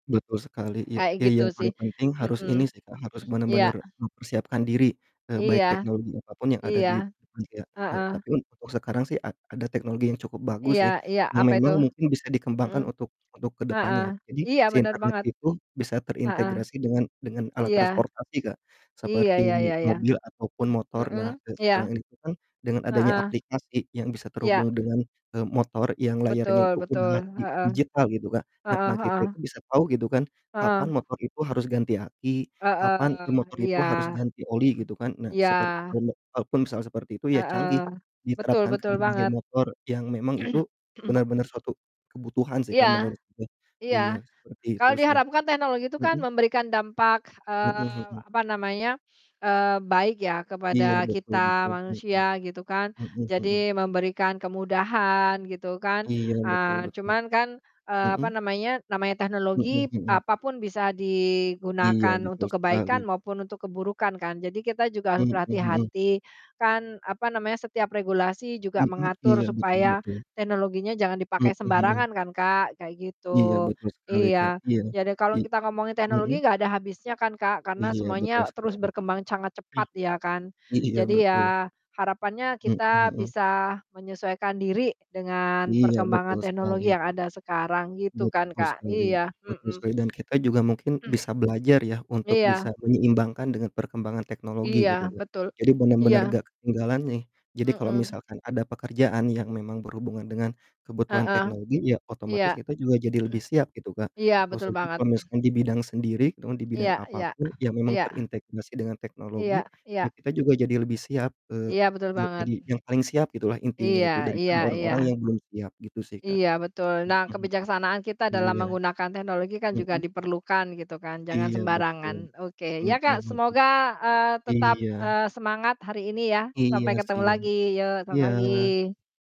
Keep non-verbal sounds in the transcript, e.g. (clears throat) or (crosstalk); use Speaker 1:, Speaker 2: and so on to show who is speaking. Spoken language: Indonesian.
Speaker 1: Betul sekali ya.
Speaker 2: Kayak
Speaker 1: Ya
Speaker 2: gitu
Speaker 1: yang
Speaker 2: sih,
Speaker 1: paling penting harus ini
Speaker 2: hmm,
Speaker 1: sih, Kak, harus
Speaker 2: (clears throat) iya,
Speaker 1: bener-bener
Speaker 2: ah.
Speaker 1: mempersiapkan diri, e baik
Speaker 2: Iya,
Speaker 1: teknologi apapun yang ada di
Speaker 2: iya,
Speaker 1: dunia, e
Speaker 2: heeh.
Speaker 1: tetapi untuk sekarang sih a ada teknologi yang cukup bagus
Speaker 2: Iya
Speaker 1: sih,
Speaker 2: iya,
Speaker 1: yang
Speaker 2: apa itu?
Speaker 1: memang mungkin bisa
Speaker 2: Hmm.
Speaker 1: dikembangkan untuk untuk ke
Speaker 2: Heeh.
Speaker 1: depannya. Jadi
Speaker 2: Iya
Speaker 1: si
Speaker 2: bener
Speaker 1: internet
Speaker 2: banget.
Speaker 1: itu bisa
Speaker 2: Heeh.
Speaker 1: terintegrasi dengan dengan alat
Speaker 2: Iya.
Speaker 1: transportasi Kak,
Speaker 2: Iya, ya
Speaker 1: seperti
Speaker 2: ya ya.
Speaker 1: mobil ataupun
Speaker 2: (clears throat)
Speaker 1: motor.
Speaker 2: mhm,
Speaker 1: Nah, e
Speaker 2: iya.
Speaker 1: sekarang ini itu kan, dengan adanya
Speaker 2: Heeh.
Speaker 1: aplikasi yang bisa
Speaker 2: Iya.
Speaker 1: terhubung dengan, eee, motor yang layarnya
Speaker 2: Betul
Speaker 1: itu
Speaker 2: betul.
Speaker 1: udah di
Speaker 2: Heeh,
Speaker 1: digital gitu Kak. Nah
Speaker 2: heeh
Speaker 1: nah,
Speaker 2: heeh.
Speaker 1: kita itu bisa tahu gitu kan, kapan
Speaker 2: Heeh.
Speaker 1: motor itu harus ganti aki, kapan
Speaker 2: Heeh,
Speaker 1: motor
Speaker 2: iya.
Speaker 1: itu harus ganti oli
Speaker 2: (clears throat)
Speaker 1: gitu kan. Nah,
Speaker 2: Iya.
Speaker 1: seperti itu kalaupun misalkan seperti itu ya canggih,
Speaker 2: Heeh. Betul
Speaker 1: diterapkan ke
Speaker 2: betul
Speaker 1: berbagai
Speaker 2: banget.
Speaker 1: motor yang memang itu
Speaker 2: (clears throat)
Speaker 1: benar-benar suatu kebutuhan sih, Kak, menurut
Speaker 2: Iya,
Speaker 1: saya. Iya,
Speaker 2: iya.
Speaker 1: seperti itu
Speaker 2: Kalau
Speaker 1: sih.
Speaker 2: diharapkan teknologi itu kan
Speaker 1: Hmm.
Speaker 2: memberikan dampak,
Speaker 1: Mmm,
Speaker 2: eee,
Speaker 1: hmm.
Speaker 2: apa namanya, eee baik ya
Speaker 1: Iya,
Speaker 2: kepada
Speaker 1: betul
Speaker 2: kita
Speaker 1: betul, hmm.
Speaker 2: manusia gitu kan.
Speaker 1: Hmm hmm.
Speaker 2: Jadi memberikan kemudahan gitu kan.
Speaker 1: Iya, betul
Speaker 2: Eee
Speaker 1: betul.
Speaker 2: cuman kan, eee, apa
Speaker 1: Hmm.
Speaker 2: namanya namanya
Speaker 1: Hmm
Speaker 2: teknologi
Speaker 1: hmm.
Speaker 2: apapun bisa
Speaker 1: Iya,
Speaker 2: digunakan
Speaker 1: betul
Speaker 2: untuk
Speaker 1: sekali.
Speaker 2: kebaikan maupun untuk keburukan kan. Jadi kita juga harus
Speaker 1: Mmm, hmm.
Speaker 2: berhati-hati, kan apa namanya setiap regulasi juga
Speaker 1: Hmm,
Speaker 2: mengatur
Speaker 1: iya betul
Speaker 2: supaya
Speaker 1: betul.
Speaker 2: teknologinya jangan
Speaker 1: Mmm,
Speaker 2: dipakai
Speaker 1: mhm.
Speaker 2: sembarangan kan, Kak. Kayak
Speaker 1: Iya,
Speaker 2: gitu,
Speaker 1: betul sekali, Kak.
Speaker 2: iya.
Speaker 1: Iya,
Speaker 2: Jadi kalau
Speaker 1: iy
Speaker 2: kita ngomongin teknologi
Speaker 1: hmm.
Speaker 2: enggak ada habisnya kan, Kak, karena
Speaker 1: Iya, betul
Speaker 2: semuanya terus
Speaker 1: sekali.
Speaker 2: berkembang sangat cepat
Speaker 1: (clears throat)
Speaker 2: ya kan.
Speaker 1: I iya,
Speaker 2: Jadi
Speaker 1: betul.
Speaker 2: ya harapannya
Speaker 1: Mmm,
Speaker 2: kita
Speaker 1: mhm.
Speaker 2: bisa menyesuaikan diri dengan
Speaker 1: Iya,
Speaker 2: perkembangan
Speaker 1: betul
Speaker 2: teknologi
Speaker 1: sekali.
Speaker 2: yang ada sekarang gitu kan,
Speaker 1: Betul
Speaker 2: Kak.
Speaker 1: sekali
Speaker 2: Iya.
Speaker 1: betul
Speaker 2: Hmm.
Speaker 1: sekali. Dan kita juga mungkin
Speaker 2: (clears throat)
Speaker 1: bisa belajar ya untuk bisa
Speaker 2: Iya.
Speaker 1: menyeimbangkan dengan perkembangan teknologi
Speaker 2: Iya,
Speaker 1: gitu Kak,
Speaker 2: betul.
Speaker 1: jadi bener-bener
Speaker 2: Iya.
Speaker 1: enggak ketinggalan nih. Jadi kalau
Speaker 2: Hmm.
Speaker 1: misalkan ada pekerjaan yang memang berhubungan dengan kebutuhan
Speaker 2: Heeh,
Speaker 1: teknologi ya
Speaker 2: iya.
Speaker 1: otomatis
Speaker 2: (clears throat)
Speaker 1: kita juga jadi lebih siap gitu, Kak.
Speaker 2: Iya betul
Speaker 1: Khususnya
Speaker 2: banget.
Speaker 1: kalau misalnya di bidang sendiri atau di
Speaker 2: Iya
Speaker 1: bidang
Speaker 2: iya
Speaker 1: apapun yang memang
Speaker 2: iya.
Speaker 1: terintegrasi dengan teknologi,
Speaker 2: Iya
Speaker 1: ya
Speaker 2: iya.
Speaker 1: kita juga jadi lebih siap, eee,
Speaker 2: Iya, betul
Speaker 1: ja
Speaker 2: banget.
Speaker 1: jadi yang paling siap gitulah intinya
Speaker 2: Iya
Speaker 1: itu
Speaker 2: iya
Speaker 1: daripada orang-orang
Speaker 2: iya.
Speaker 1: yang belum siap. Gitu sih, Kak.
Speaker 2: Iya betul.
Speaker 1: Hmm
Speaker 2: Nah
Speaker 1: hmm.
Speaker 2: kebijaksanaan kita dalam
Speaker 1: Iya.
Speaker 2: menggunakan teknologi kan juga
Speaker 1: Hmm.
Speaker 2: diperlukan gitu kan, jangan
Speaker 1: Iya, betul.
Speaker 2: sembarangan. Oke.
Speaker 1: Hmm
Speaker 2: Ya, Kak,
Speaker 1: hmm.
Speaker 2: semoga, eee, tetap,
Speaker 1: Iya.
Speaker 2: eee, semangat hari ini ya.
Speaker 1: Iya,
Speaker 2: Sampai
Speaker 1: sih
Speaker 2: ketemu
Speaker 1: ya.
Speaker 2: lagi, yuk selamat
Speaker 1: Iya.
Speaker 2: pagi.